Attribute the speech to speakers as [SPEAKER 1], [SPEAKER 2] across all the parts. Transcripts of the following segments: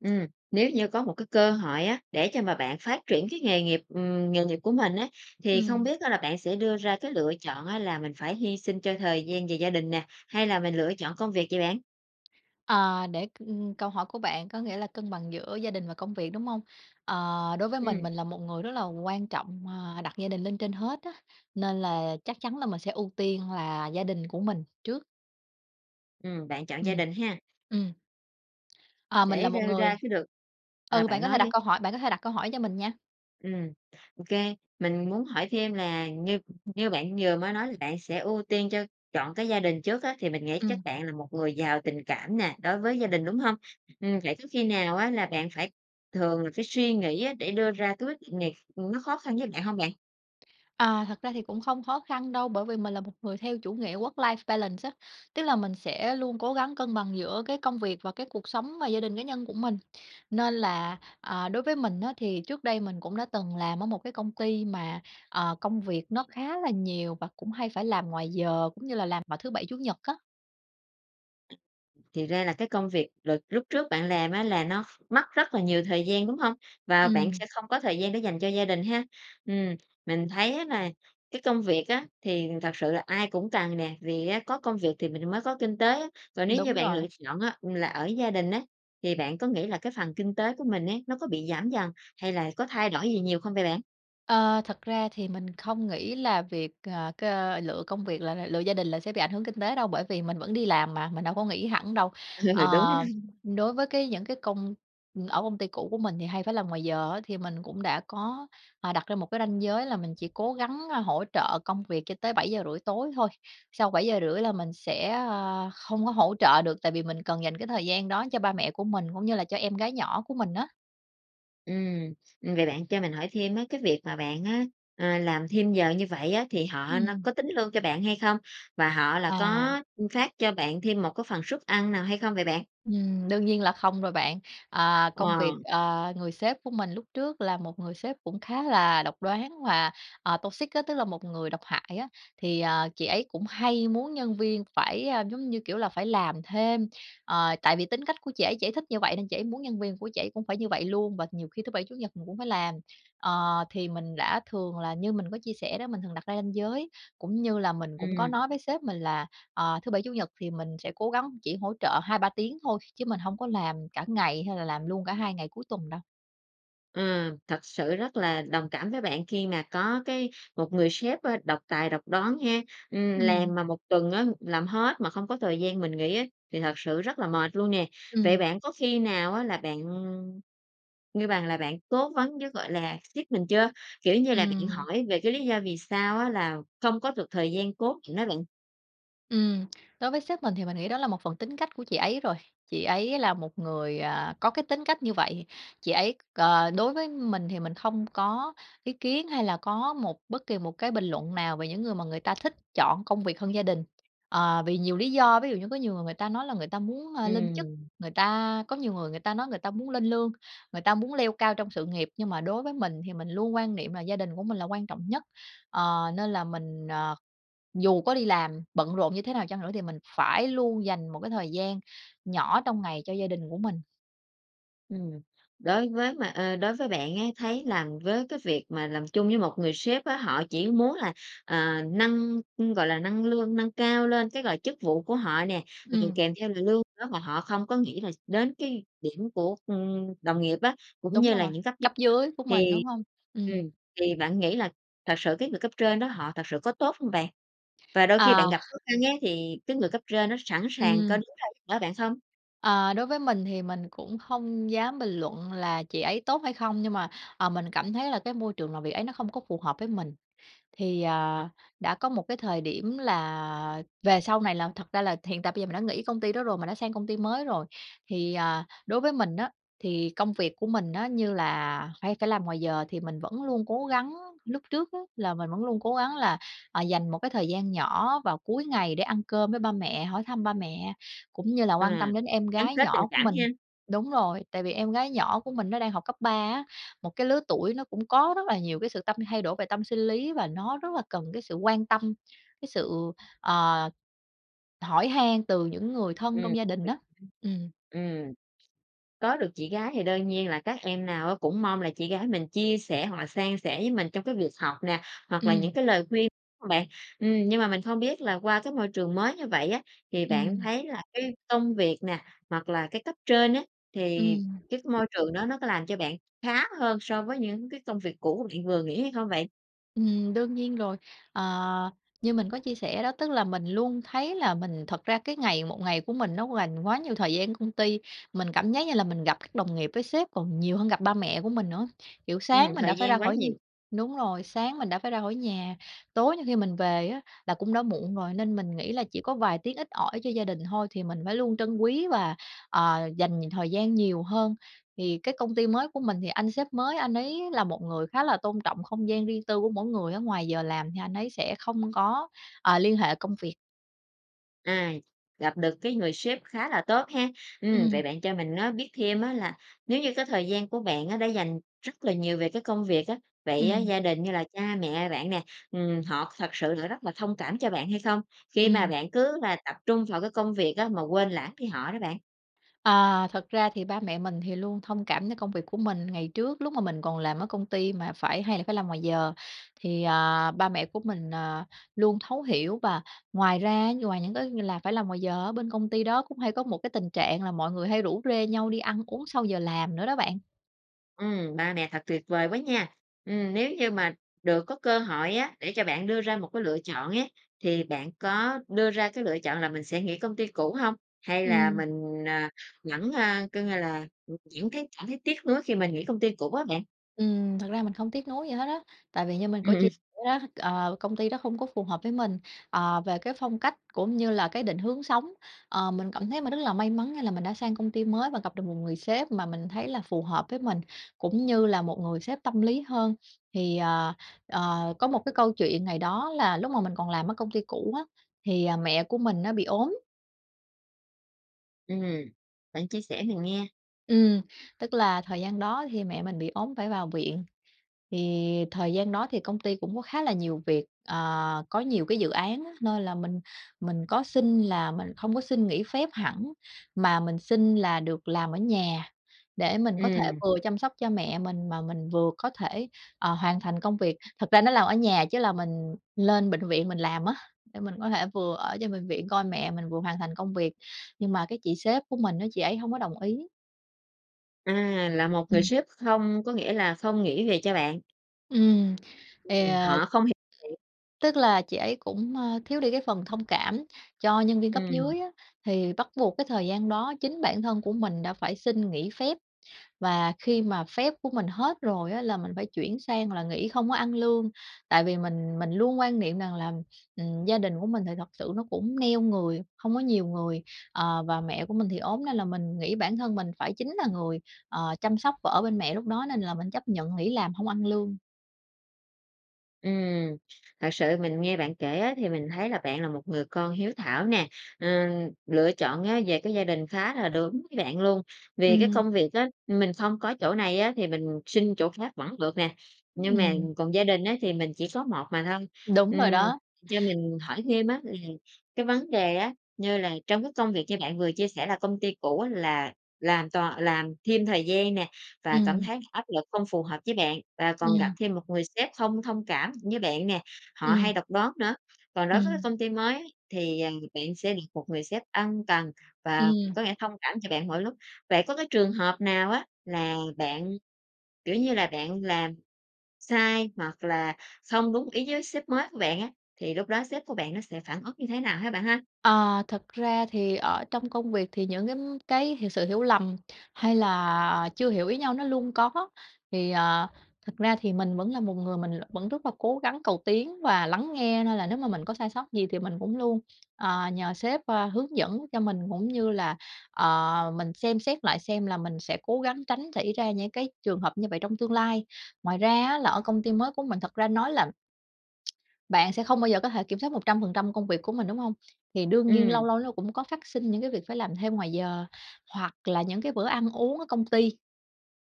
[SPEAKER 1] Ừm, nếu như có một cơ hội á, để cho mà bạn phát triển cái nghề nghiệp ừm, nghề nghiệp của mình á, thì không
[SPEAKER 2] Ừm.
[SPEAKER 1] biết á là bạn sẽ đưa ra lựa chọn á là mình phải hy sinh cho thời gian và gia đình nè, hay là mình lựa chọn con việc vậy bạn?
[SPEAKER 2] Ờ, để c ưm, câu hỏi của bạn có nghĩa là cân bằng giữa gia đình và công việc, đúng hông? Ờ, đối với mình,
[SPEAKER 1] Ừm.
[SPEAKER 2] mình là một người rất là quan trọng, à, đặt gia đình lên trên hết á, nên là chắc chắn là mình sẽ ưu tiên là gia đình của mình trước.
[SPEAKER 1] Ừm, bạn chọn gia
[SPEAKER 2] Ừm.
[SPEAKER 1] đình ha.
[SPEAKER 2] Ừm. À, mình là
[SPEAKER 1] Để
[SPEAKER 2] một
[SPEAKER 1] rơi
[SPEAKER 2] người
[SPEAKER 1] ra chứ được ờ,
[SPEAKER 2] ừ, bạn
[SPEAKER 1] bạn
[SPEAKER 2] có thể
[SPEAKER 1] nói
[SPEAKER 2] đặt
[SPEAKER 1] đi.
[SPEAKER 2] câu hỏi, bạn có thể đặt câu hỏi cho mình nha.
[SPEAKER 1] Ừm, OK. Mình muốn hỏi thêm là, như như bạn vừa mới nói là bạn sẽ ưu tiên cho chọn cái gia đình trước á, thì mình nghĩ chắc
[SPEAKER 2] Ừm.
[SPEAKER 1] bạn là một người giàu tình cảm nè đối với gia đình, đúng hông? Ừm, vậy có khi nào á là bạn phải thường là phải suy nghĩ á để đưa ra cái quyết định này, ừm, nó khó khăn với bạn hông bạn?
[SPEAKER 2] À, thật ra thì cũng không khó khăn đâu bởi vì mình là một người theo chủ nghĩa Work life balance á. Tức là mình sẽ luôn cố gắng cân bằng giữa cái công việc và cái cuộc sống và gia đình cá nhân của mình, nên là, à, đối với mình á thì trước đây mình cũng đã từng làm ở một cái công ty mà, à, công việc nó khá là nhiều và cũng hay phải làm ngoài giờ cũng như là làm vào thứ bảy, chủ nhật á.
[SPEAKER 1] Thì ra là cái công việc đợt lúc trước bạn làm á là nó mất rất là nhiều thời gian, đúng hông? Và bạn
[SPEAKER 2] Ừm.
[SPEAKER 1] sẽ không có thời gian để dành cho gia đình ha? Ừm, mình thấy á nà cái công việc á thì thật sự là ai cũng cần nè, vì á có công việc thì mình mới có kinh tế. Còn nếu như
[SPEAKER 2] Đúng
[SPEAKER 1] bạn lựa
[SPEAKER 2] rồi.
[SPEAKER 1] chọn á là ở gia đình á, thì bạn có nghĩ là cái phần kinh tế của mình ấy, nó có bị giảm dần hay là có thay đổi gì nhiều không vậy bạn?
[SPEAKER 2] Ờ, thật ra thì mình không nghĩ là việc, ờ, c lựa công việc là là lựa gia đình là sẽ bị ảnh hưởng kinh tế đâu, bởi vì mình vẫn đi làm mà mình đâu có nghỉ hẳn đâu. Ờ,
[SPEAKER 1] Ừ, đúng ha.
[SPEAKER 2] đối với cái những cái công ừm, ở công ty cũ của mình thì hay phải làm ngoài giờ á, thì mình cũng đã có, à, đặt ra một cái ranh giới là mình chỉ cố gắng, a, hỗ trợ công việc cho tới 7:30 tối thôi. Sau 7:30 là mình sẽ, ơ, không có hỗ trợ được, tại vì mình cần dành cái thời gian đó cho ba mẹ của mình cũng như là cho em gái nhỏ của mình á.
[SPEAKER 1] Ừm, ừm, vậy bạn cho mình hỏi thêm á. Cái việc mà bạn á, à, làm thêm giờ như vậy á, thì họ no
[SPEAKER 2] Ừm.
[SPEAKER 1] có tính lương cho bạn hay không? Và họ là
[SPEAKER 2] À!
[SPEAKER 1] có, ưm, phát cho bạn thêm một phần suất ăn nào hay không vậy bạn?
[SPEAKER 2] Ừm, đương nhiên là không rồi bạn. À, công việc
[SPEAKER 1] Wow!
[SPEAKER 2] à, người sếp của mình lúc trước là một người sếp cũng khá là độc đoán và, à, toxic á, tức là một người độc hại á. Thì, à, chị ấy cũng hay muốn nhân viên phải, a, giống như kiểu là, phải làm thêm, ờ, tại vì tính cách của chị ấy chỉ thích như vậy nên chị ấy muốn nhân viên của chị ấy cũng phải như vậy luôn và nhiều khi thứ Bảy, Chủ nhật mình cũng phải làm. Ờ, thì mình đã thường là- như mình có chia sẻ đó- mình thường đặt ra ranh giới, cũng như là mình cũng có
[SPEAKER 1] Ừm.
[SPEAKER 2] nói với sếp mình là, ờ, thứ Bảy, Chủ nhật thì mình sẽ cố gắng chỉ hỗ trợ 2-3 tiếng thôi, chứ mình hông có làm cả ngày hay là làm luôn cả hai ngày cuối tuần đâu.
[SPEAKER 1] Ừ, thật sự rất là đồng cảm với bạn khi mà có cái một người sếp, ơ, độc tài, độc đoán ha. Ừm,
[SPEAKER 2] Ừm.
[SPEAKER 1] làm mà một tuần á, làm hết mà không có thời gian mình nghỉ á thì thật sự rất là mệt luôn nè. Vậy
[SPEAKER 2] Ừm.
[SPEAKER 1] bạn có khi nào á là bạn, ngư bằng là, bạn cố vấn với, gọi là, sếp mình chưa? Kiểu như là bạn
[SPEAKER 2] Ừm.
[SPEAKER 1] hỏi về cái lý do vì sao á là không có được thời gian cố định á bạn.
[SPEAKER 2] Ừm. Đối với sếp mình thì mình nghĩ đó là một phần tính cách của chị ấy rồi. Chị ấy là một người, à, có cái tính cách như vậy, chị ấy à, đối với mình thì mình không có ý kiến hay là có một bất kỳ một cái bình luận nào về những người mà người ta thích chọn công việc hơn gia đình, ờ, vì nhiều lý do. Ví dụ như có nhiều người người ta nói là người ta muốn, a, lên chức,
[SPEAKER 1] Ừm.
[SPEAKER 2] người ta có nhiều người người ta nói người ta muốn lên lương, người ta muốn leo cao trong sự nghiệp. Nhưng mà đối với mình thì mình luôn quan niệm là gia đình của mình là quan trọng nhất, ờ, nên là mình, ờ, dù có đi làm bận rộn như thế nào chăng nữa thì mình phải luôn dành một cái thời gian nhỏ trong ngày cho gia đình của mình.
[SPEAKER 1] Ừm. Đối với mà a, đối với bạn ấy, thấy làm với cái việc mà làm chung với một người sếp á, họ chỉ muốn là, à, nâng, gọi là, nâng lương nâng cao lên cái, gọi, chức vụ của họ nè, ừm,
[SPEAKER 2] Ừm.
[SPEAKER 1] kèm theo là lương nữa, mà họ không có nghĩ là đến cái điểm của, ưm, đồng nghiệp á, cũng
[SPEAKER 2] Đúng
[SPEAKER 1] như là
[SPEAKER 2] rồi,
[SPEAKER 1] những cấp dứ
[SPEAKER 2] cấp dưới của mình,
[SPEAKER 1] thì
[SPEAKER 2] đúng hông?
[SPEAKER 1] ừm,
[SPEAKER 2] Ừm.
[SPEAKER 1] thì bạn nghĩ là thật sự cái người cấp trên đó, họ thật sự có tốt không bạn? Và đôi khi bạn
[SPEAKER 2] À!
[SPEAKER 1] gặp khó khăn ấy, thì cái người cấp trên đó có sẵn sàng có
[SPEAKER 2] Ừm.
[SPEAKER 1] đứng ra giúp đỡ bạn không?
[SPEAKER 2] Ờ, đối với mình thì mình cũng hông dám bình luận là chị ấy tốt hay không, nhưng mà, ờ, mình cảm thấy là cái môi trường làm việc ấy nó không có phù hợp với mình. Thì, à, đã có một cái thời điểm là về sau này là thật ra là hiện tại bây giờ mình đã nghĩ công ty đó rồi, mình đã sang công ty mới rồi. Thì, à, đối với mình á thì công việc của mình nó như là phải cả làm ngoài giờ thì mình vẫn luôn cố gắng, lúc trước á là mình vẫn luôn cố gắng là, à, dành một cái thời gian nhỏ vào cuối ngày để ăn cơm với ba mẹ, hỏi thăm ba mẹ, cũng như là
[SPEAKER 1] Ờ,
[SPEAKER 2] quan tâm đến em
[SPEAKER 1] gắn
[SPEAKER 2] gái
[SPEAKER 1] kết tình
[SPEAKER 2] nhỏ của
[SPEAKER 1] cảm
[SPEAKER 2] mình.
[SPEAKER 1] ha.
[SPEAKER 2] Đúng rồi, tại vì em gái nhỏ của mình nó đang học cấp 3 á, một cái lứa tuổi nó cũng có rất là nhiều cái sự tâm thay đổi về tâm sinh lý và nó rất là cần cái sự quan tâm, cái sự, ờ, hỏi han từ những người thân
[SPEAKER 1] Ừm.
[SPEAKER 2] trong gia đình đó.
[SPEAKER 1] Ừm.
[SPEAKER 2] Ừm.
[SPEAKER 1] Ừm. Có được chị gái thì đơn nhiên là các em nào á cũng mong là chị gái mình chia sẻ, hoặc là san sẻ với mình trong việc học nè hoặc là
[SPEAKER 2] Ừm.
[SPEAKER 1] những cái lời khuyên hông bạn? Ừm, nhưng mà mình không biết là qua cái môi trường mới như vậy á, thì bạn
[SPEAKER 2] Ừm.
[SPEAKER 1] thấy là cái công việc nè, hoặc là cái cấp trên á, thì
[SPEAKER 2] Ừm.
[SPEAKER 1] cái môi trường đó nó có làm cho bạn khá hơn so với những cái công việc cũ bạn vừa nghỉ hay không vậy?
[SPEAKER 2] Ừm, đương nhiên rồi. Ờ, như mình có chia sẻ đó, tức là mình luôn thấy là mình thật ra cái ngày một ngày của mình nó quành quá nhiều thời gian công ty. Mình cảm giác như là mình gặp các đồng nghiệp với sếp còn nhiều hơn gặp ba mẹ của mình nữa. Kiểu sáng
[SPEAKER 1] Ừm,
[SPEAKER 2] mình đã
[SPEAKER 1] thời
[SPEAKER 2] phải ra
[SPEAKER 1] gian quá
[SPEAKER 2] khỏi nh
[SPEAKER 1] nhiều.
[SPEAKER 2] đúng rồi, sáng mình đã phải ra khỏi nhà, tối nhiều khi mình về á là cũng đã muộn rồi, nên mình nghĩ là chỉ có vài tiếng ít ỏi cho gia đình thôi, thì mình phải luôn trân quý và, ờ, dành thời gian nhiều hơn. Thì cái công ty mới của mình thì anh sếp mới anh ấy là một người khá là tôn trọng không gian riêng tư của mỗi người, ngoài giờ làm thì anh ấy sẽ không có, ờ, liên hệ công việc.
[SPEAKER 1] À, gặp được cái người sếp khá là tốt ha. Ừm,
[SPEAKER 2] Ừm.
[SPEAKER 1] vậy bạn cho mình nó biết thêm á là nếu như cái thời gian của bạn á đã dành rất là nhiều về cái công việc á, vậy á,
[SPEAKER 2] Ừm.
[SPEAKER 1] gia đình như là cha mẹ bạn nè, ừm, họ thật sự là rất là thông cảm cho bạn hay không? khi mà
[SPEAKER 2] Ừm.
[SPEAKER 1] bạn cứ là tập trung vào công việc á mà quên lãng đi họ đó bạn?
[SPEAKER 2] À, thật ra thì ba mẹ mình thì luôn thông cảm cho công việc của mình. Ngày trước lúc mà mình còn làm ở công ty mà phải hay là phải làm ngoài giờ thì, à, ba mẹ của mình, à, luôn thấu hiểu. Và ngoài ra như ngoài những cái như là phải làm ngoài giờ ở bên công ty đó cũng hay có một tình trạng là mọi người hay rủ rê nhau đi ăn uống sau giờ làm nữa đó bạn.
[SPEAKER 1] Ừm, ba mẹ thật tuyệt vời quá nha! Ừm, nếu như mà được có cơ hội á để cho bạn đưa ra một cái lựa chọn á, thì bạn có đưa ra cái lựa chọn là mình sẽ nghỉ công ty cũ hông? Hay là
[SPEAKER 2] Ừm.
[SPEAKER 1] mình, à, vẫn, a, coi như là, vẫn thấy cảm thấy tiếc nuối khi mình nghĩ công ty cũ á bạn?
[SPEAKER 2] Ừm, thật ra mình không tiếc nuối gì hết á, tại vì như mình
[SPEAKER 1] Ừm,
[SPEAKER 2] có chia
[SPEAKER 1] ừm.
[SPEAKER 2] sẻ đó, ờ, công ty đó không có phù hợp với mình, ờ, về cái phong cách cũng như là cái định hướng sống. Ờ, mình cảm thấy mình rất là may mắn, nghĩa là mình đã sang công ty mới và gặp được một người sếp mà mình thấy là phù hợp với mình, cũng như là một người sếp tâm lý hơn. Thì, ờ, ờ, có một cái câu chuyện ngày đó là lúc mà mình còn làm ở công ty cũ á, thì, à, mẹ của mình á bị ốm.
[SPEAKER 1] Ừm, bạn chia sẻ mình nghe.
[SPEAKER 2] Ừm, tức là thời gian đó thì mẹ mình bị ốm phải vào viện, thì thời gian đó thì công ty cũng có khá là nhiều việc, ờ, có nhiều cái dự án á. Nên là mình mình có xin là mình hông có xin nghỉ phép hẳn, mà mình xin là được làm ở nhà để mình có thể
[SPEAKER 1] Ừm.
[SPEAKER 2] vừa chăm sóc cho mẹ mình, mà mình vừa có thể, ờ, hoàn thành công việc. Thật ra nói làm ở nhà chứ là mình lên bệnh viện mình làm á để mình có thể vừa ở trên bệnh viện coi mẹ mình vừa hoàn thành công việc, nhưng mà cái chị sếp của mình á chị ấy hông có đồng ý.
[SPEAKER 1] À, là một người
[SPEAKER 2] Ừm.
[SPEAKER 1] sếp không có nghĩa là không nghĩ việc cho bạn.
[SPEAKER 2] Ừm, thì
[SPEAKER 1] Ừm,
[SPEAKER 2] à
[SPEAKER 1] họ không hiểu thiệt.
[SPEAKER 2] tức là chị ấy cũng, a, thiếu đi cái phần thông cảm cho nhân viên cấp
[SPEAKER 1] Ừm.
[SPEAKER 2] dưới á, thì bắt buộc cái thời gian đó chính bản thân của mình đã phải xin nghỉ phép, và khi mà phép của mình hết rồi á là mình phải chuyển sang là nghỉ không có ăn lương. Tại vì mình mình luôn quan niệm rằng là, ừm, gia đình của mình thì thật sự nó cũng neo người, hông có nhiều người, ờ, và mẹ của mình thì ốm nên là mình nghĩ bản thân mình phải chính là người, ờ, chăm sóc và ở bên mẹ lúc đó, nên là mình chấp nhận nghĩ làm không ăn lương.
[SPEAKER 1] Ừm, thật sự mình nghe bạn kể á thì mình thấy là bạn là một người con hiếu thảo nè. Ờ, lựa chọn á về cái gia đình khá là đúng với bạn luôn vì cái
[SPEAKER 2] Ừm.
[SPEAKER 1] công việc á mình không có chỗ này á thì mình xin chỗ khác vẫn được nè,
[SPEAKER 2] Ừm,
[SPEAKER 1] nhưng mà
[SPEAKER 2] ừm.
[SPEAKER 1] còn gia đình á thì mình chỉ có một mà thôi.
[SPEAKER 2] Đúng rồi
[SPEAKER 1] Ừm,
[SPEAKER 2] đó.
[SPEAKER 1] cho mình hỏi thêm á, là cái vấn đề á, như là trong cái công việc như bạn vừa chia sẻ là công ty cũ á là làm toàn làm thêm thời gian nè, và cảm
[SPEAKER 2] Ừm.
[SPEAKER 1] thấy áp lực không phù hợp với bạn và còn gặp
[SPEAKER 2] Ừm.
[SPEAKER 1] thêm một người sếp không thông cảm với bạn nè, họ hay
[SPEAKER 2] Ừm.
[SPEAKER 1] độc đoán nữa. Còn đối với
[SPEAKER 2] Ừm.
[SPEAKER 1] công ty mới thì, à, bạn sẽ được một người sếp ân cần và
[SPEAKER 2] Ừm.
[SPEAKER 1] có lẽ thông cảm cho bạn mỗi lúc. Vậy có trường hợp nào á là bạn, kiểu như là, bạn làm sai, hoặc là không đúng ý với sếp mới của bạn á, thì lúc đó sếp của bạn nó sẽ phản ứng như thế nào ha bạn ha?
[SPEAKER 2] Ờ, thật ra thì, ở, trong công việc thì những cái, ưm, cái sự hiểu lầm hay là chưa hiểu ý nhau nó luôn có. Thì, ờ, thật ra thì mình vẫn là một người mình l vẫn rất là cố gắng, cầu tiến và lắng nghe nên là nếu mà mình có sai sót gì thì mình cũng luôn, ờ, nhờ sếp, ơ, hướng dẫn cho mình, cũng như là, ờ, mình xem xét lại xem là mình sẽ cố gắng tránh xảy ra những cái trường hợp như vậy trong tương lai. Ngoài ra á là ở công ty mới của mình thật ra nói là bạn sẽ không bao giờ có thể kiểm soát 100% công việc của mình, đúng hông? Thì đương nhiên âu
[SPEAKER 1] Ừm.
[SPEAKER 2] lâu lâu cũng có phát sinh những cái việc phải làm thêm ngoài giờ hoặc là những cái bữa ăn uống ở công ty,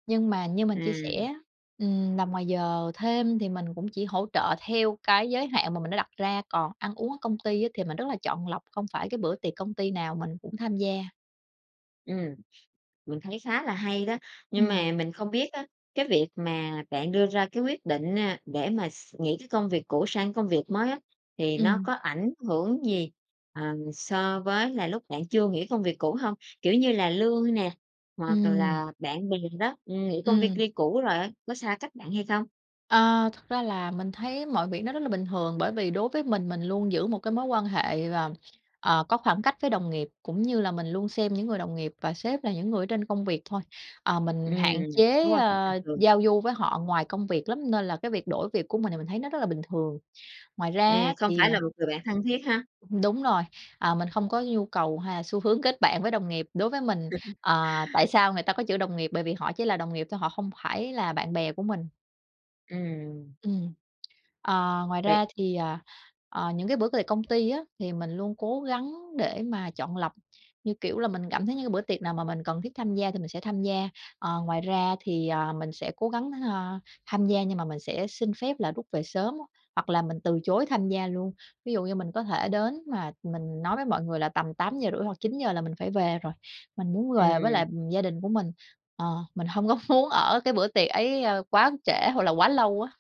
[SPEAKER 2] nhưng mà như mình chia sẻ
[SPEAKER 1] Ừm.
[SPEAKER 2] á, ừm, làm giờ thêm thì mình cũng chỉ hỗ trợ theo cái giới hạn mà mình đã đặt ra, còn ăn uống ở công ty á thì mình rất là chọn lọc, không phải cái bữa tiệc công ty nào mình cũng tham gia.
[SPEAKER 1] Ừm, mình thấy khá là hay đó. Nhưng
[SPEAKER 2] Ừm.
[SPEAKER 1] mà mình không biết á cái việc mà bạn đưa ra cái quyết định, a, để mà x nghĩ cái công việc cũ sang công việc mới á, thì nó
[SPEAKER 2] Ừm.
[SPEAKER 1] có ảnh hưởng gì, ờ, so với là lúc bạn chưa nghỉ công việc cũ không? Kiểu như là lương nè, hoặc
[SPEAKER 2] Ừm.
[SPEAKER 1] là bạn bè đó, ừm, nghỉ công v
[SPEAKER 2] Ừm.
[SPEAKER 1] ty cũ rồi á, có xa cách bạn hay không?
[SPEAKER 2] À, thật ra là mình thấy mọi việc nó rất là bình thường bởi vì đối với mình mình luôn giữ một cái mối quan hệ, ờ, ờ, có khoảng cách với đồng nghiệp, cũng như là mình luôn xem những người đồng nghiệp và sếp là những người ở trên công việc thôi. Ờ, mình
[SPEAKER 1] Ừm,
[SPEAKER 2] hạn
[SPEAKER 1] mối
[SPEAKER 2] chế,
[SPEAKER 1] quan hệ bình
[SPEAKER 2] ơ,
[SPEAKER 1] thường.
[SPEAKER 2] giao du với họ ngoài công việc lắm, nên là cái việc đổi việc của mình thì mình thấy nó rất là bình thường. Ngoài
[SPEAKER 1] À,
[SPEAKER 2] ra
[SPEAKER 1] không
[SPEAKER 2] thì
[SPEAKER 1] phải là
[SPEAKER 2] à
[SPEAKER 1] một người bạn thân thiết ha.
[SPEAKER 2] Đúng rồi, à, mình không có nhu cầu hay là xu hướng kết bạn với đồng nghiệp. Đối với mình, ờ, tại sao người ta có chữ đồng nghiệp bởi vì họ chỉ là đồng nghiệp thôi, họ không phải là bạn bè của mình.
[SPEAKER 1] Ừm.
[SPEAKER 2] Ừm. À, ngoài
[SPEAKER 1] Vậy
[SPEAKER 2] ra thì, à, à, những cái bữa về công ty thì mình luôn cố gắng để mà chọn lọc, như kiểu là mình cảm thấy những cái bữa tiệc nào mà mình cần thiết tham gia thì mình sẽ tham gia. Ờ, ngoài ra thì, à, mình sẽ cố gắng, a, tham gia nhưng mà mình sẽ xin phép là rút về sớm, hoặc là mình từ chối tham gia luôn. Ví dụ như mình có thể đến mà mình nói với mọi người là tầm 8:30 hoặc 9:00 là mình phải về rồi. Mình muốn về với
[SPEAKER 1] Ừm.
[SPEAKER 2] lại gia đình của mình, ờ, mình hông có muốn ở cái bữa tiệc ấy quá trễ, hoặc là quá lâu á.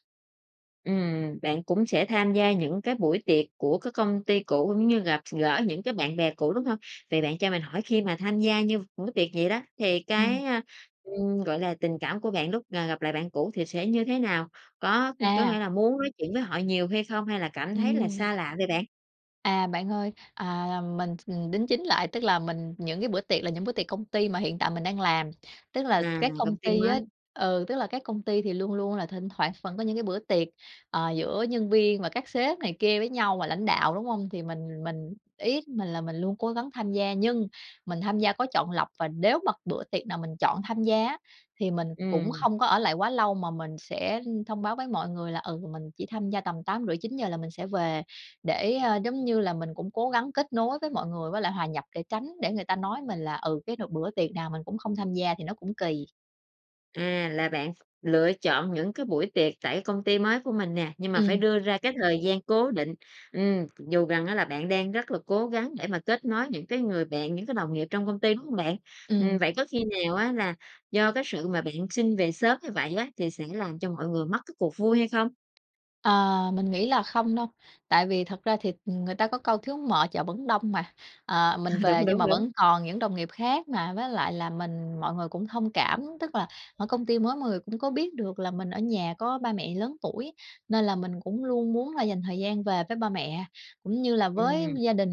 [SPEAKER 1] Ừm, bạn cũng sẽ tham gia những cái buổi tiệc của các công ty cũ, cũng như gặp x gỡ những cái bạn bè cũ, đúng hông? Vậy bạn cho mình hỏi khi mà tham gia như những buổi tiệc vậy đó, thì
[SPEAKER 2] Ừm.
[SPEAKER 1] cái, a, ừm, gọi là, tình cảm của bạn lúc là gặp lại bạn cũ thì sẽ như thế nào? Có có
[SPEAKER 2] À.
[SPEAKER 1] nghĩa là muốn nói chuyện với họ nhiều hay không? Hay là cảm thấy là
[SPEAKER 2] Ừm.
[SPEAKER 1] xa lạ vậy bạn?
[SPEAKER 2] À, bạn ơi! À, ờ, mình đính chính lại, tức là mình những cái bữa tiệc là những bữa tiệc công ty mà hiện tại mình đang làm, tức là
[SPEAKER 1] Là
[SPEAKER 2] các công
[SPEAKER 1] công ty
[SPEAKER 2] ty á
[SPEAKER 1] mới.
[SPEAKER 2] ừ, tức là các công ty thì luôn luôn là thỉnh thoảng vẫn có những cái bữa tiệc, ờ, giữa nhân viên và các sếp này kia với nhau và lãnh đạo, đúng hông? Thì mình mình ý của mình là mình luôn cố gắng tham gia, nhưng mình tham gia có chọn lọc và nếu mà bữa tiệc nào mình chọn tham gia á thì mình cũng
[SPEAKER 1] Ừm.
[SPEAKER 2] không có ở lại quá lâu mà mình sẽ, ưm, thông báo với mọi người là, ừ, mình chỉ tham gia tầm 8:30-9:00 là mình sẽ về để, a, giống như là mình cũng cố gắng kết nối với mọi người với lại hòa nhập để tránh để người ta nói mình là, ừ, cái n bữa tiệc nào mình cũng không tham gia thì nó cũng kỳ.
[SPEAKER 1] À, là bạn ph lựa chọn những cái buổi tiệc tại công ty mới của mình nè, nhưng mà phải
[SPEAKER 2] Ừm.
[SPEAKER 1] đưa ra cái thời gian cố định. Ừm, dù rằng á là bạn đang rất là cố gắng để mà kết nối những cái người bạn, những cái đồng nghiệp trong công ty, đúng hông bạn? Ừm,
[SPEAKER 2] Ừm.
[SPEAKER 1] vậy có khi nào á là do cái sự mà bạn xin về sớm như vậy á thì sẽ làm cho mọi người mất cái cuộc vui hay không?
[SPEAKER 2] À, mình nghĩ là không đâu, tại vì thật ra thì ng người ta có câu thiếu mợ chợ vẫn đông mà. Ờ, mình về
[SPEAKER 1] Đúng,
[SPEAKER 2] nhưng
[SPEAKER 1] đúng,
[SPEAKER 2] mà
[SPEAKER 1] đúng.
[SPEAKER 2] vẫn còn những đồng nghiệp khác mà, với lại là mình mọi người cũng thông cảm, tức là ở công ty mới mọi người cũng có biết được là mình ở nhà có ba mẹ lớn tuổi. Nên là mình cũng luôn muốn là dành thời gian về với ba mẹ, cũng như là với
[SPEAKER 1] Ừm.
[SPEAKER 2] gia đình.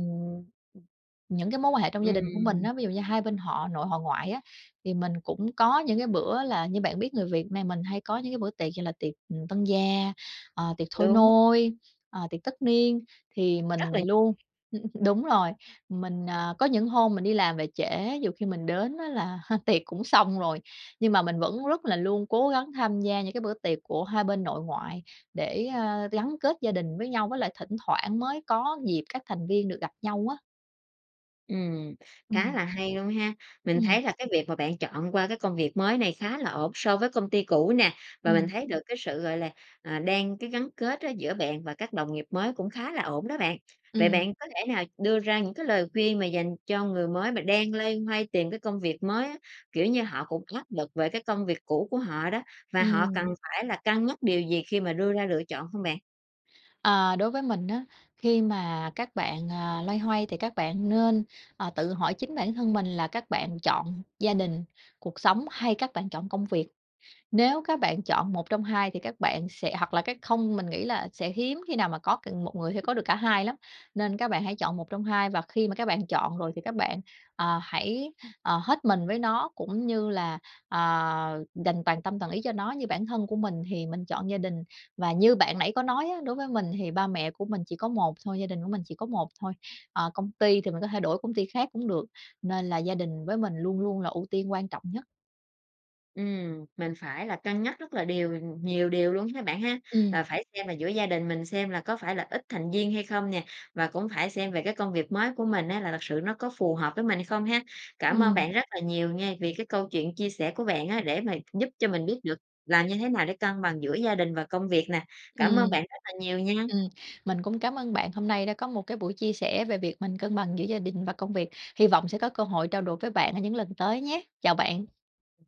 [SPEAKER 2] Những cái mối quan hệ trong gia đình của mình
[SPEAKER 1] Ừm.
[SPEAKER 2] á, ví dụ như hai bên họ nội họ ngoại á, thì mình cũng có những cái bữa là như bạn biết người Việt Nam mình hay có những bữa tiệc như là tiệc, ừm, tân gia, ờ, tiệc thôi
[SPEAKER 1] Đúng.
[SPEAKER 2] nôi, ờ, tiệc tất niên, thì
[SPEAKER 1] Rất
[SPEAKER 2] mình
[SPEAKER 1] là
[SPEAKER 2] luôn
[SPEAKER 1] [unintelligible]
[SPEAKER 2] đúng rồi. Mình, ờ, có những hôm mình đi làm về trễ, dù khi mình đến á là tiệc cũng xong rồi. Nhưng mà mình vẫn luôn cố gắng tham gia những cái bữa tiệc của hai bên nội ngoại để, a, gắn kết gia đình với nhau, với lại thỉnh thoảng mới có dịp các thành viên được gặp nhau á.
[SPEAKER 1] Ừm, khá
[SPEAKER 2] Ừm.
[SPEAKER 1] là hay luôn ha! Mình
[SPEAKER 2] Ừm.
[SPEAKER 1] thấy là cái việc mà bạn chọn qua cái công việc mới này khá là ổn so với công ty cũ nè. Và mình
[SPEAKER 2] Ừm.
[SPEAKER 1] thấy được cái sự, gọi là, à, đang cái gắn kết á giữa bạn và các đồng nghiệp mới cũng khá là ổn đó bạn. Vậy
[SPEAKER 2] Ừm.
[SPEAKER 1] bạn có thể nào đưa ra những cái lời khuyên mà dành cho người mới mà đang loay hoay tìm cái công việc mới á? Kiểu như họ cũng áp lực về cái công việc cũ của họ đó và họ cần
[SPEAKER 2] Ừm.
[SPEAKER 1] phải là cân nhắc điều gì khi mà đưa ra lựa chọn không bạn?
[SPEAKER 2] À, đối với mình á, khi mà các bạn, à, loay hoay thì các bạn nên, ờ, tự hỏi chính bản thân mình là các bạn chọn gia đình, cuộc sống, hay các bạn chọn công việc. Nếu các bạn chọn một trong hai thì các bạn sẽ hoặc là cái không mình nghĩ là sẽ hiếm khi nào mà có c một người sẽ có được cả hai lắm, nên các bạn hãy chọn một trong hai và khi mà các bạn chọn rồi thì các bạn, ờ, hãy, ờ, hết mình với nó cũng như là, ờ, dành toàn tâm toàn ý cho nó. Như bản thân của mình thì mình chọn gia đình và như bạn nãy có nói á, đối với mình thì ba mẹ của mình chỉ có một thôi, gia đình của mình chỉ có một thôi, ờ, công ty thì mình có thể đổi công ty khác cũng được, nên là gia đình với mình luôn luôn là ưu tiên quan trọng nhất.
[SPEAKER 1] Ừm, mình phải là cân nhắc rất là điều nhiều điều luôn ha bạn ha.
[SPEAKER 2] Ừm.
[SPEAKER 1] Là phải xem là giữa gia đình mình xem là có phải là ít thành viên hay không nè, và cũng phải xem về cái công việc mới của mình á là thật sự nó có phù hợp với mình hay không ha. Cảm ơn
[SPEAKER 2] Ừm.
[SPEAKER 1] bạn rất là nhiều nha vì cái câu chuyện chia sẻ của bạn á để mà giúp cho mình biết được làm như thế nào để cân bằng giữa gia đình và công việc nè. Cảm ơn
[SPEAKER 2] Ừm.
[SPEAKER 1] bạn rất là nhiều nha!
[SPEAKER 2] Ừm, mình cũng cảm ơn bạn hôm nay đã có một cái buổi chia sẻ về việc mình cân bằng giữa gia đình và công việc. Hy vọng sẽ có cơ hội trao đổi với bạn ở những lần tới nhé! Chào bạn!
[SPEAKER 1] Ừm.